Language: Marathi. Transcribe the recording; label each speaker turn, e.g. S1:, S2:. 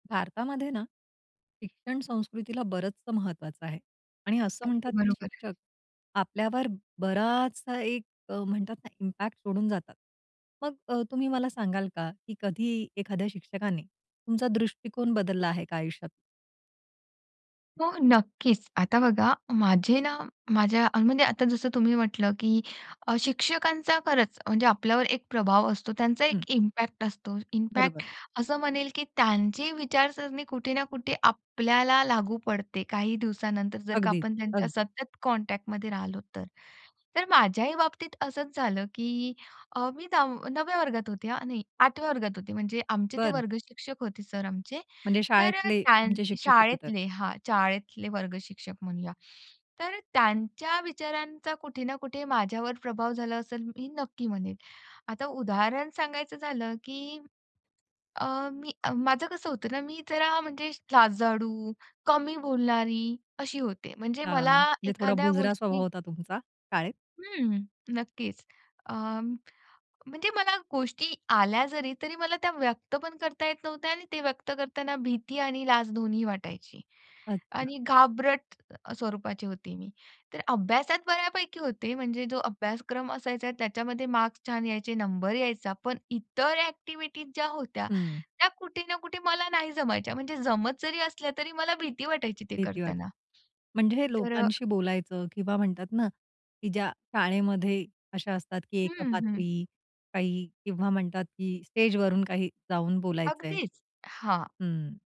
S1: भारतातमध्ये ना, शिक्षण संस्कृतीला बरचसं महत्वाचं आहे. आणि असं
S2: अगदी
S1: म्हणतात, की
S2: बरोबर आहे.
S1: शिक्षक, आपल्यावर बराचसा एक अ, म्हणतात ना इम्पॅक्ट सोडून जातात. मग अ, तुम्ही मला सांगाल का, की कधी एखाद्या शिक्षकाने तुमचा दृष्टिकोन बदलला आहे का आयुष्यात?
S2: हो. नक्कीच. आता बघा माझे ना माझ्या म्हणजे आता जसं तुम्ही म्हटलं, की अ, शिक्षकांचा खरंच म्हणजे आपल्यावर एक प्रभाव असतो, त्यांचा
S1: हं.
S2: एक इम्पॅक्ट असतो.
S1: बरोबर.
S2: इम्पॅक्ट असं म्हणेल, की त्यांची विचारसरणी कुठे ना कुठे आपल्याला लागू पडते काही दिवसानंतर जर का
S1: अगदी,
S2: आपण त्यांच्या
S1: अगदी.
S2: सतत कॉन्टॅक्टमध्ये राहिलो तर. तर माझ्याही बाबतीत असंच झालं, की अ, मी दाव 9व्या वर्गात होते, हां, नाही 8व्या वर्गात होते. म्हणजे आमचे ते
S1: बरं.
S2: वर्ग शिक्षक होते सर आमचे.
S1: म्हणजे
S2: तर अ,
S1: शाळेतले
S2: त्या
S1: तुमचे शिक्षक होते तर.
S2: शाळेतले हां, शाळेतले वर्ग शिक्षक म्हणूया. तर त्यांच्या विचारांचा कुठे ना कुठे माझ्यावर प्रभाव झाला असेल, मी नक्की म्हणेन. आता उदाहरण सांगायचं झालं, की अ, मी अ, माझं कसं होतं ना, मी जरा म्हणजे लाजाळू, कमी बोलणारी अशी होते. म्हणजे
S1: अ,
S2: मला
S1: म्हणजे थोडा
S2: एखाद्या
S1: बुजरा स्वभाव
S2: गोष्टी
S1: होता तुमचा, शाळेत.
S2: हं. नक्कीच. अ, म्हणजे मला गोष्टी आल्या जरी तरी मला त्या व्यक्त पण करता येत नव्हत्या आणि ते व्यक्त करतांना भीती आणि लाज दोन्हीही वाटायची.
S1: अच्छा.
S2: आणि घाबरट अ, स्वरूपाची होती मी. तर अभ्यासात बऱ्यापैकी होते, म्हणजे जो अभ्यासक्रम असायचा त्याच्यामध्ये मार्क्स छान यायचे, नंबर यायचा. पण इतर ॲक्टिव्हिटीज ज्या होत्या,
S1: हं.
S2: त्या कुठे ना कुठे मला नाही जमायच्या, म्हणजे जमत जरी असल्या, तरी मला भीती वाटायची ते
S1: भीती वाटेल.
S2: करताना.
S1: म्हणजे
S2: तर
S1: लोकांशी बोलायचं किंवा म्हणतात ना, की ज्या शाळेमध्ये अशा असतात, की
S2: हं, हं.
S1: एकपात्री, काही किंवा म्हणतात, की स्टेज वरून काही जाऊन बोलायचंय.
S2: अगदीच. हां.
S1: हं.